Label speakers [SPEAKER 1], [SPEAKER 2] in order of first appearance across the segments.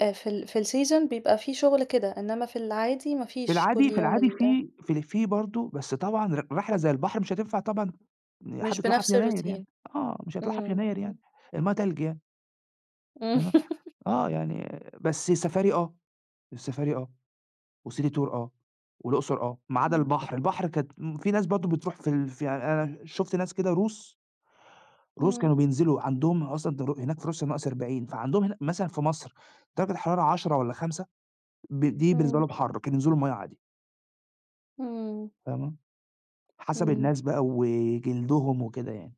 [SPEAKER 1] آآ، في ال في الseason بيبقى في شغل كده، إنّما في العادي ما
[SPEAKER 2] في
[SPEAKER 1] فيش كل
[SPEAKER 2] العادي في
[SPEAKER 1] يوم
[SPEAKER 2] العادي
[SPEAKER 1] ال
[SPEAKER 2] في في ال في برضه، بس طبعًا ر رحلة زي البحر مش هتنفع طبعًا إن حد
[SPEAKER 1] مش
[SPEAKER 2] يطلعها في
[SPEAKER 1] بنفس
[SPEAKER 2] يناير يعني،
[SPEAKER 1] الroutine
[SPEAKER 2] آه، مش هيطلعها في
[SPEAKER 1] إمم،
[SPEAKER 2] يناير يعني،
[SPEAKER 1] اهم.
[SPEAKER 2] المَيّة تلج يعني.
[SPEAKER 1] إمم.
[SPEAKER 2] آه، آه يعني بس السفاري آه، السفاري آه وcity tour آه والأقصر آه، ما عدا
[SPEAKER 1] إمم.
[SPEAKER 2] البحر، البحر كانت م في ناس برضه بتروح في ال في يعني أنا شُفت ناس كده روس روس
[SPEAKER 1] إمم.
[SPEAKER 2] كانوا بينزلوا، عندهم ال أصلًا در هناك في روسيا -40 فعندهم هنا مثلًا في مصر درجة الحرارة 10 والّا 5 ب دي بالنسبة
[SPEAKER 1] إمم.
[SPEAKER 2] لهم حَر، كانوا ينزلوا المَيّة عادي.
[SPEAKER 1] إمم.
[SPEAKER 2] فاهمة؟ حسب
[SPEAKER 1] إمم.
[SPEAKER 2] الناس بقى وجلدهم وكده يعني.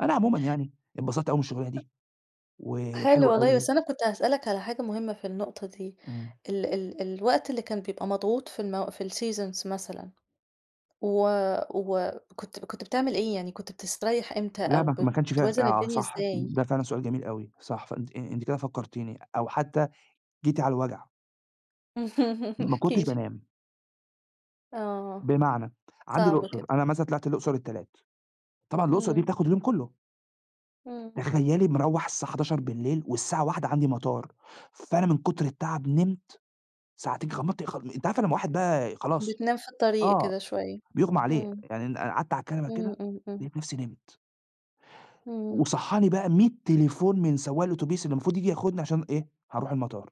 [SPEAKER 2] أنا عمومًا يعني انبسطت أوي من الشُغلانة
[SPEAKER 1] أ
[SPEAKER 2] دي،
[SPEAKER 1] حلو
[SPEAKER 2] وحلوة
[SPEAKER 1] والله،
[SPEAKER 2] أوي.
[SPEAKER 1] بس أنا كنت هاسألك على حاجة مهمة في النقطة دي،
[SPEAKER 2] إمم.
[SPEAKER 1] ال ال الوقت اللي كان بيبقى مضغوط في المو في الseasons مثلًا و وكنت كنت بتعمل إيه؟ يعني كنت بتسترّيح إمتى
[SPEAKER 2] لأ،
[SPEAKER 1] أو
[SPEAKER 2] ما ك ما
[SPEAKER 1] بت
[SPEAKER 2] كانش فيها ف
[SPEAKER 1] بتوازن
[SPEAKER 2] آه
[SPEAKER 1] الدنيا
[SPEAKER 2] صح،
[SPEAKER 1] ازاي؟
[SPEAKER 2] ده فعلًا سؤال جميل أوي، صح، فأنتِ آآ، أنتِ كده فكّرتيني أو حتى جيتِ على الوجع. ما
[SPEAKER 1] احكِ
[SPEAKER 2] كنتش
[SPEAKER 1] لي.
[SPEAKER 2] بانام.
[SPEAKER 1] آه.
[SPEAKER 2] بمعنى، عندي
[SPEAKER 1] صعب
[SPEAKER 2] الأقصر،
[SPEAKER 1] كده.
[SPEAKER 2] أنا مثلًا طلعت الأقصر التلات، طبعًا الأقصر دي
[SPEAKER 1] إمم.
[SPEAKER 2] بتاخد اليوم كلّه.
[SPEAKER 1] إمم.
[SPEAKER 2] تخيلّي مروّح الساعة 23:00 والساعة 01:00 عندي مطار، فأنا من كُتر التَعب نمت ساعتين، غمضت غلم أنتِ عارفة لمّا واحد بقى ي خلاص،
[SPEAKER 1] بتنام في الطريق
[SPEAKER 2] آه
[SPEAKER 1] كده شوية،
[SPEAKER 2] بيغم عليه،
[SPEAKER 1] امم.
[SPEAKER 2] يعني ن أنا أقعدت على الكنبة
[SPEAKER 1] إمم،
[SPEAKER 2] كده
[SPEAKER 1] إمم، إمم.
[SPEAKER 2] لقيت نفسي نمت.
[SPEAKER 1] امم.
[SPEAKER 2] وصحّاني بقى 100 تليفون من سواق الأوتوبيس اللي مفروض ييجي ياخدني عشان إيه، هنروح المطار.